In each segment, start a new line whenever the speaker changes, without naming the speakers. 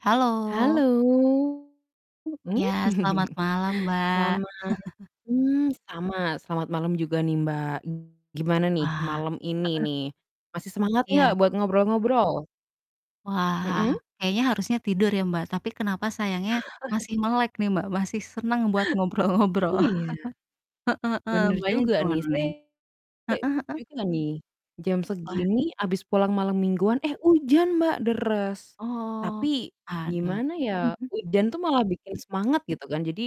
Halo.
Halo, mhm.
Ya, selamat malam, Mbak.
Selamat mmm, sama, selamat malam juga nih, Mbak. Gimana nih
Wah.
malam ini
Heeh.
nih, masih semangat enggak
Iya.
buat ngobrol-ngobrol?
Wah,
Mhm.
kayaknya harusnya tidur ya Mbak, tapi kenapa sayangnya masih melek nih Mbak, masih senang buat ngobrol-ngobrol.
Iya.
Heeh heeh.
Bener
Mbaknya
juga nih.
gimana
Saya
nih?
[unintelligible]
Heeh heeh.
juga nih, jam
Wad
segini habis pulang malam mingguan, eh hujan Mbak, deres.
Oh,
Tapi
aduh.
gimana ya,
Mhm mhm.
hujan tuh malah bikin semangat gitu kan. Jadi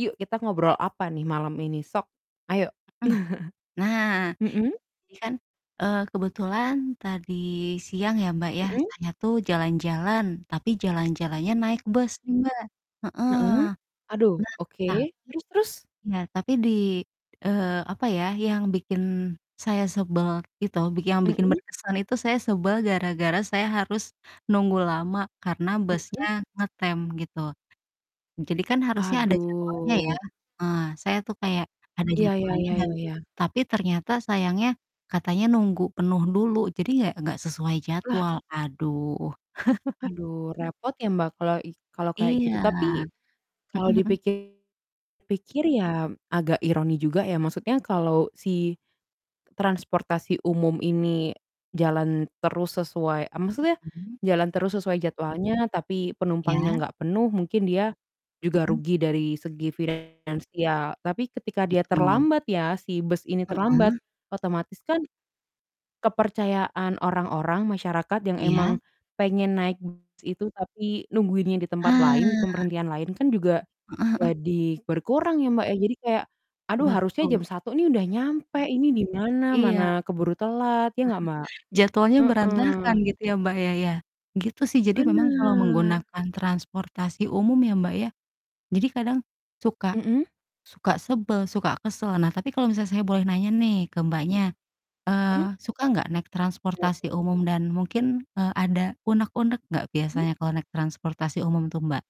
yuk kita ngobrol apa nih malam ini. Sok, ayo.
Mhm. Nah,
Mhm?
ini kan, eee, kebetulan tadi siang ya Mbak, ya,
Mhm.
saya tuh jalan-jalan, tapi jalan-jalannya naik bus nih, Mbak. Heeh.
Heeh. Aduh,
Nah,
oke.
tapi
Terus terus?
iya, tapi di eee, apa ya, yang bikin saya sebel gitu, biki yang bikin
Mhm.
berkesan itu saya sebel gara-gara saya harus nunggu lama karena busnya
Mhm.
ngetem gitu. Jadi kan harusnya ada jadwalnya ya.
Aduh.
Eee, saya tuh kayak ada
Iya, ya
jadwalnya
ya
dan
ya ya.
tapi ternyata sayangnya katanya nunggu penuh dulu, jadi nggak nggak sesuai
Lah.
jadwal. Aduh.
Aduh, repot ya Mbak kelo i kalau kayak
Iya.
gitu. Tapi, kalau
Mhm mhm.
dipikir-pikir ya agak ironi juga ya. Maksudnya kalau si transportasi umum ini jalan terus sesuai eee, maksudnya
Mhm.
jalan terus sesuai jadwalnya, tapi penumpangnya
Ya.
enggak penuh mungkin dia juga
Heeh.
rugi dari segi finansial. Tapi ketika dia
Betul.
terlambat ya, si bus ini terlambat,
Heeh.
otomatis kan kepercayaan orang-orang, masyarakat yang
Iya.
emang pengen naik bus itu tapi nungguinnya di tempat lain, di
Ah.
pemberhentian lain kan juga
Heeh heeh.
jadi berkurang ya, Mbak, ya. Jadi kayak, "Aduh harusnya jam
Betul.
1.00 nih udah nyampe, ini di mana?
Iya.
Mana keburu telat." Ya nggak, Mbak?
Jadwalnya berantakan
Heeh.
gitu ya Mbak, ya ya? Gitu sih. Jadi memang kalau
Bener.
menggunakan transportasi umum ya Mbak, ya, jadi kadang suka
Mhm.
suka sebel, suka kesel. Nah, tapi kalau misalnya saya boleh nanya nih ke Mbaknya,
Hmm.
eee, suka nggak naik
Gimana
transportasi
tuh?
umum dan mungkin, eee, ada unek-unek nggak
Mhm.
biasanya kalau naik transportasi umum tuh, Mbak?